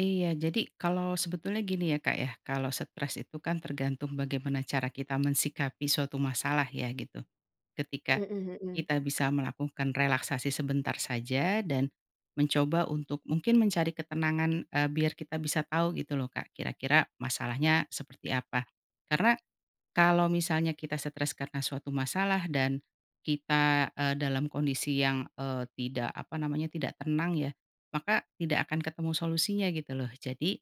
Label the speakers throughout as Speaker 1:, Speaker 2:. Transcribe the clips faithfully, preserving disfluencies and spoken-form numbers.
Speaker 1: Iya jadi kalau sebetulnya gini ya Kak ya, kalau stres itu kan tergantung bagaimana cara kita mensikapi suatu masalah ya gitu, ketika,
Speaker 2: Mhm mhm.
Speaker 1: kita bisa melakukan relaksasi sebentar saja dan, mencoba untuk mungkin mencari ketenangan, eee, biar kita bisa tahu gitu loh Kak kira-kira masalahnya seperti apa karena, kalau misalnya kita stres karena suatu masalah dan, kita, eee, dalam kondisi yang, eee, tidak apa namanya tidak tenang ya, maka tidak akan ketemu solusinya gitu loh jadi,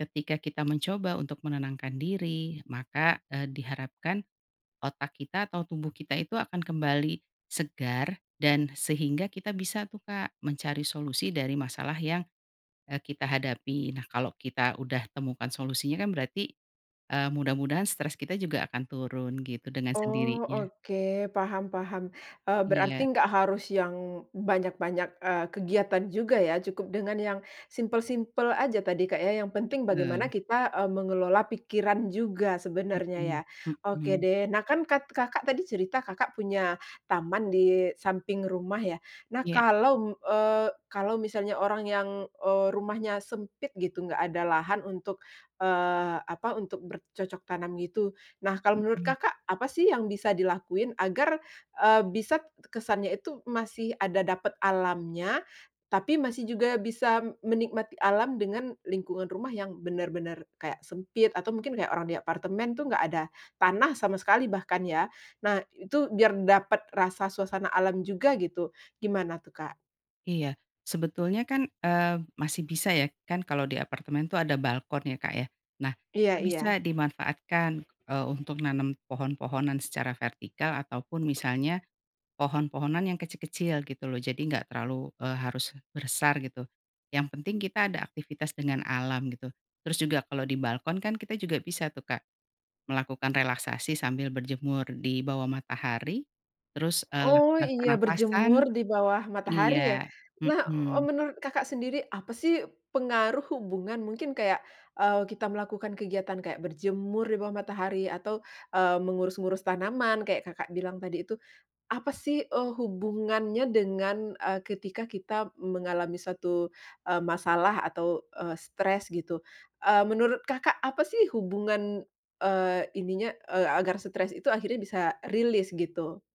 Speaker 1: ketika kita mencoba untuk menenangkan diri maka, eee, diharapkan, otak kita atau tubuh kita itu akan kembali, segar dan sehingga kita bisa tuh Kak mencari solusi dari masalah yang, eee, kita hadapi. Nah kalau kita udah temukan solusinya kan berarti, eee, mudah-mudahan stres kita juga akan turun gitu dengan
Speaker 2: Oh
Speaker 1: sendirinya.
Speaker 2: oke paham paham, eee,
Speaker 1: Iya.
Speaker 2: berarti nggak harus yang banyak-banyak, eee, kegiatan juga ya cukup dengan yang simple-simple saja tadi Kak ya yang penting bagaimana
Speaker 1: Betul.
Speaker 2: kita, eee, mengelola pikiran juga sebenarnya ya.
Speaker 1: Mhm,
Speaker 2: Oke
Speaker 1: mhm.
Speaker 2: deh nah kan kat Kakak tadi cerita Kakak punya taman di samping rumah ya? Nah
Speaker 1: Iya.
Speaker 2: kalau m eee, kalau misalnya orang yang, eee, rumahnya sempit gitu enggak ada lahan untuk, eee, apa untuk bercocok tanam gitu, nah kalau menurut
Speaker 1: Mhm.
Speaker 2: Kakak apa sih yang bisa dilakuin agar, eee, bisa kesannya itu masih ada dapet alamnya, tapi masih juga bisa menikmati alam dengan lingkungan rumah yang bener-bener kayak sempit atau mungkin kayak orang di apartemen tuh enggak ada tanah sama sekali bahkan ya, nah itu biar dapet rasa suasana alam juga gitu gimana tuh Kak?
Speaker 1: Iya sebetulnya kan, eee, masih bisa ya kan kalau di apartemen tuh ada balkon ya Kak ya nah itu
Speaker 2: Iya
Speaker 1: bisa
Speaker 2: iya.
Speaker 1: dimanfaatkan, eee, untuk nanam pohon-pohonan secara vertikal ataupun misalnya, pohon-pohonan yang kecil-kecil gitu loh jadi enggak terlalu, eee, harus bersar gitu, yang penting kita ada aktivitas dengan alam gitu, terus juga kalau di balkon kan kita juga bisa tuh Kak, melakukan relaksasi sambil berjemur di bawah matahari, terus, eee, lah
Speaker 2: Oh
Speaker 1: lah
Speaker 2: iya
Speaker 1: pernapasan.
Speaker 2: berjemur di bawah matahari ya?
Speaker 1: Iya,
Speaker 2: Nah, eee,
Speaker 1: mhm.
Speaker 2: menurut Kakak sendiri apa sih pengaruh hubungan mungkin kayak, eee, kita melakukan kegiatan kayak berjemur di bawah matahari atau, eee, mengurus-ngurus tanaman kayak Kakak bilang tadi itu, apa sih, eee, hubungannya dengan, eee, ketika kita mengalami suatu, eee, masalah atau, eee, stres gitu? Eee, menurut Kakak apa sih hubungan, eee, ininya, eee, agar stres itu akhirnya bisa, eee, release gitu?